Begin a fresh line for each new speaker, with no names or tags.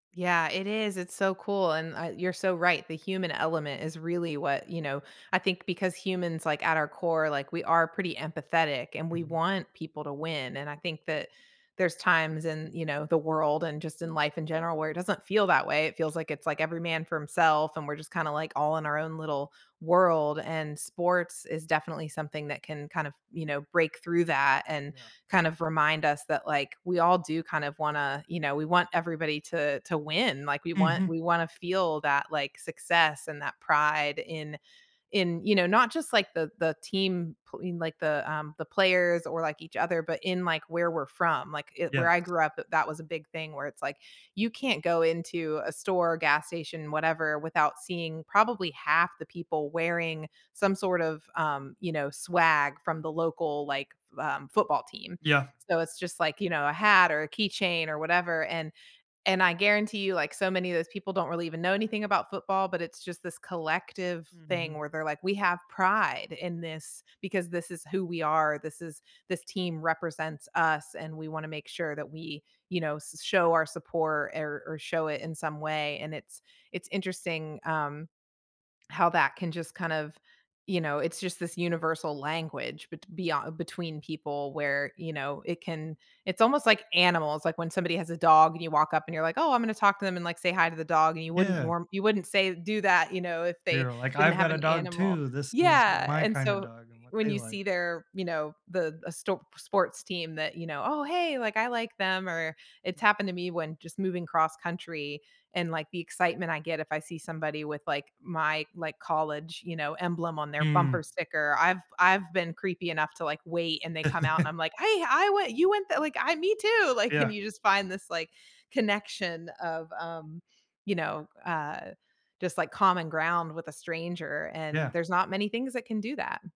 Yeah, it is. It's so cool, and I you're so right. The human element is really what you know, I think because humans, like, at our core, like, we are pretty empathetic, and we
Mhm.
want people to win, and I think that there's times in, you know, the world and just in life in general where it doesn't feel that way. It feels like it's, like, every man for himself and we're just kinda like all in our own little world, and sports is definitely something that can kind of, you know, break through that and,
Yeah.
kind of remind us that, like, we all do kind of wanna you know, we want everybody to to win, like, we want
Mhm.
we wanna feel that, like, success and that pride in in, you know, not just like the the team pl in like the, um the players or, like, each other, but in like where we're from. Like, i where I
Yes.
grew up i that was a big thing where it's like, you can't go into a store, gas station, whatever, without seeing probably half the people wearing some sort of, um, you know, swag from the local, like, v um, football team.
Yeah.
So, it's just like, you know, a hat or a keychain or whatever, and and I guarantee you, like, so many of those people don't really even know anything about football, but it's just this collective thing
Mhm.
where they're like, "We have pride in this because this is who we are. This is this team represents us, and we wanna make sure that we, you know, s show our support, er, or show it in some way," and it's it's interesting, um, how that can just kind of you know, it's just this universal language bet beyond between people where, you know, it can it's almost like animals. Like, when somebody has a dog and you walk up and you're like, "Oh, I'm gonna talk to them and, like, say hi to the dog," and you wouldn't
Yeah.
norm you wouldn't say do that, you know, if they
Yeah, like,
didn't
"I've
have
got a
an
dog
animal.
too. This is w
Yeah,
my
and
kinda
so
dog and what
when
they
you
like."
see their, you know, the a stop sports team that, you know, "Oh, hey, like, I like them," or it's happened to me when just moving cross-country, and, like, the excitement I get if I see somebody with, like, my, like, college, you know, emblem on their bumper
Mm.
sticker. I've I've been creepy enough to, like, wait, and they come out and I'm like, "Hey, I went you went the like, I me too." Like, and
Yeah.
you just find this, like, connection of, um, you know, uh, just, like, common ground with a stranger, and
Yeah.
there's not many things that can do that.